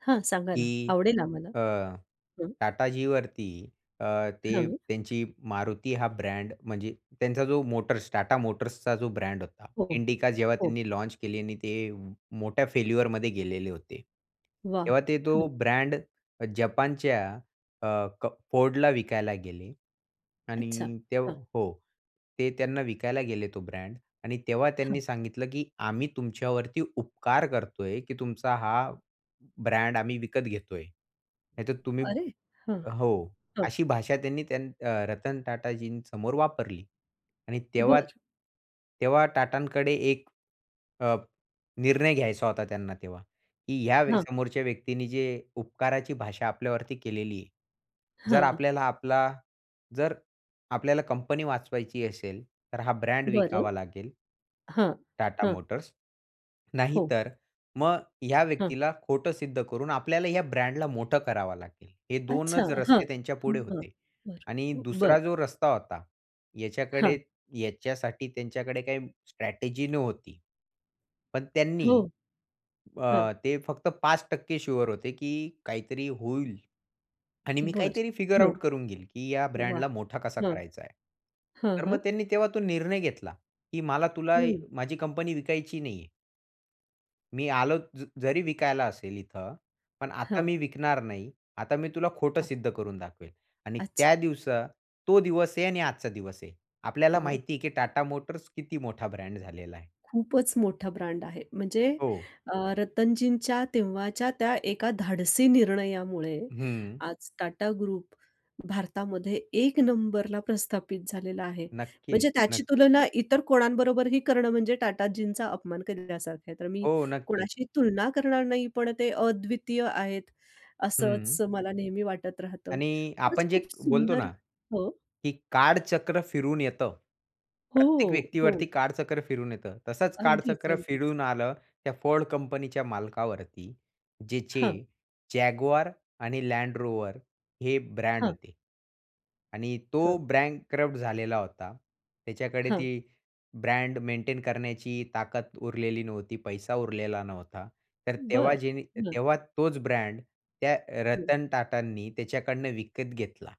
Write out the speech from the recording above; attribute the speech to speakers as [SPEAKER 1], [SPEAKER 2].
[SPEAKER 1] हां सांगा ना.
[SPEAKER 2] की
[SPEAKER 1] आवडेल आम्हाला.
[SPEAKER 2] अ,
[SPEAKER 1] हं.
[SPEAKER 2] टाटाजींवरती अ, ते
[SPEAKER 1] हां.
[SPEAKER 2] त्यांची MARUTI हा ब्रँड म्हणजे त्यांचा जो मोटर्स, TATA मोटर्सचा जो ब्रँड होता.
[SPEAKER 1] हो,
[SPEAKER 2] इंडिका जेव्हा
[SPEAKER 1] हो.
[SPEAKER 2] त्यांनी लॉन्च केली आणि ते मोठ्या फेल्युअरमध्ये गेलेले होते.
[SPEAKER 1] वाह!
[SPEAKER 2] तेव्हा ते तो
[SPEAKER 1] हं.
[SPEAKER 2] ब्रँड अ, जपानच्या अ, क Fordला विकायला गेले
[SPEAKER 1] अच्छा.
[SPEAKER 2] आणि ते
[SPEAKER 1] हं.
[SPEAKER 2] हो ते त्यांना विकायला गेले तो ब्रँड आणि तेव्हा त्यांनी
[SPEAKER 1] हां.
[SPEAKER 2] सांगितलं की आम्ही तुमच्यावरती उपकार करतोय की तुमचा हा ब्रँड आम्ही विकत घेतोय. नाहीतर तुम्ही
[SPEAKER 1] अरे! हं.
[SPEAKER 2] हो,
[SPEAKER 1] हो.
[SPEAKER 2] अशी भाषा त्यांनी त्यान अ, रतन टाटाजींसमोर वापरली आणि तेव्हा
[SPEAKER 1] बरं.
[SPEAKER 2] तेव्हा टाटांकडे 1 अ, निर्णय घ्यायचा होता त्यांना तेव्हा, की या
[SPEAKER 1] हां.
[SPEAKER 2] समोरच्या व्यक्तींनी जे उपकाराची भाषा आपल्यावरती केलेली आहे. जर
[SPEAKER 1] हं.
[SPEAKER 2] आपल्याला आपला जर, आपल्याला कंपनी वाचवायची असेल तर हा ब्रँड
[SPEAKER 1] बरं.
[SPEAKER 2] विकावा लागेल
[SPEAKER 1] हां,
[SPEAKER 2] TATA
[SPEAKER 1] हां.
[SPEAKER 2] मोटर्स
[SPEAKER 1] हो.
[SPEAKER 2] नाहीतर मग ह्या
[SPEAKER 1] हां.
[SPEAKER 2] व्यक्तीला खोटं सिद्ध करून आपल्याला ह्या ब्रँडला मोठं करावा लागेल. हे
[SPEAKER 1] अच्छा,
[SPEAKER 2] 2च
[SPEAKER 1] हां,
[SPEAKER 2] रस्ते त्यांच्या पुढे
[SPEAKER 1] हां.
[SPEAKER 2] होते
[SPEAKER 1] बरं
[SPEAKER 2] आणि
[SPEAKER 1] बरं.
[SPEAKER 2] दुसरा जो रस्ता होता याच्याकडे
[SPEAKER 1] हां.
[SPEAKER 2] याच्यासाठी त्यांच्याकडे काही स्ट्रॅटेजी नव्हती. पण त्यांनी
[SPEAKER 1] हो. हां.
[SPEAKER 2] अ, ते फक्त 5% शुअर होते की काहीतरी होईल आणि मी
[SPEAKER 1] बरं
[SPEAKER 2] काहीतरी फिगर
[SPEAKER 1] हं,
[SPEAKER 2] आउट करून घेईल की या
[SPEAKER 1] वाह!
[SPEAKER 2] ब्रँडला मोठा कसा
[SPEAKER 1] हं,
[SPEAKER 2] करायचा आहे.
[SPEAKER 1] हं,
[SPEAKER 2] तर
[SPEAKER 1] हं.
[SPEAKER 2] मग त्यांनी तेव्हा तो निर्णय घेतला की मला तुला
[SPEAKER 1] हं.
[SPEAKER 2] माझी कंपनी विकायची नाहीये. मी आलो ज जरी विकायला असेल इथं. पण आता
[SPEAKER 1] हां.
[SPEAKER 2] मी विकणार नाही. आता मी तुला खोटं
[SPEAKER 1] हां.
[SPEAKER 2] सिद्ध करून दाखवेल आणि
[SPEAKER 1] अच्छा.
[SPEAKER 2] त्या दिवसा तो दिवस आहे आणि आजचा दिवस आहे. आपल्याला
[SPEAKER 1] वॉव!
[SPEAKER 2] माहिती आहे की TATA मोटर्स किती मोठा ब्रँड झालेला आहे.
[SPEAKER 1] खूपच मोठा ब्रँड आहे म्हणजे
[SPEAKER 2] हो.
[SPEAKER 1] अ, रतनजींच्या तेव्हाच्या त्या 1का धाडसी निर्णयामुळे
[SPEAKER 2] हं.
[SPEAKER 1] आज TATA ग्रुप भारतामध्ये एक नंबरला प्रस्थापित झालेला आहे. म्हणजे
[SPEAKER 2] नक्कीच,
[SPEAKER 1] त्याची
[SPEAKER 2] नक्कीच.
[SPEAKER 1] तुलना इतर कोणांबरोबरही करणं म्हणजे टाटाजींचा अपमान केलेल्यासारखं आहे. तर मी
[SPEAKER 2] हो. नक्कीच.
[SPEAKER 1] कोणाशी तुलना करणार नाही. पण ते अद्वितीय आहेत असंच
[SPEAKER 2] हं.
[SPEAKER 1] मला नेहमी वाटत राहतं.
[SPEAKER 2] आणि
[SPEAKER 1] खरंच
[SPEAKER 2] आपण जे
[SPEAKER 1] खूप
[SPEAKER 2] बोलतो
[SPEAKER 1] सुंदर
[SPEAKER 2] ना,
[SPEAKER 1] हो.
[SPEAKER 2] की काळचक्र फिरून येतं. प्रत्येक
[SPEAKER 1] हो, हो.
[SPEAKER 2] व्यक्तीवरती काळचक्र फिरून येतं. तसंच
[SPEAKER 1] अगदीच,
[SPEAKER 2] कालचक्र
[SPEAKER 1] अगदीच.
[SPEAKER 2] फिरून आलं त्या Ford कंपनीच्या मालकावरती. ज्याचे
[SPEAKER 1] हां.
[SPEAKER 2] Jaguar आणि Land Rover हे ब्रँड
[SPEAKER 1] हां.
[SPEAKER 2] होते आणि तो
[SPEAKER 1] हं.
[SPEAKER 2] बँकरप्ट झालेला होता. त्याच्याकडे
[SPEAKER 1] हां.
[SPEAKER 2] ती ब्रँड मेंटेन करण्याची ताकद उरलेली नव्हती. पैसा उरलेला नव्हता. तर तेव्हा
[SPEAKER 1] बरं
[SPEAKER 2] जेनी
[SPEAKER 1] हं.
[SPEAKER 2] तेव्हा तोच ब्रँड त्या अ,
[SPEAKER 1] हं.
[SPEAKER 2] रतन टाटांनी त्याच्याकडनं विकत घेतला.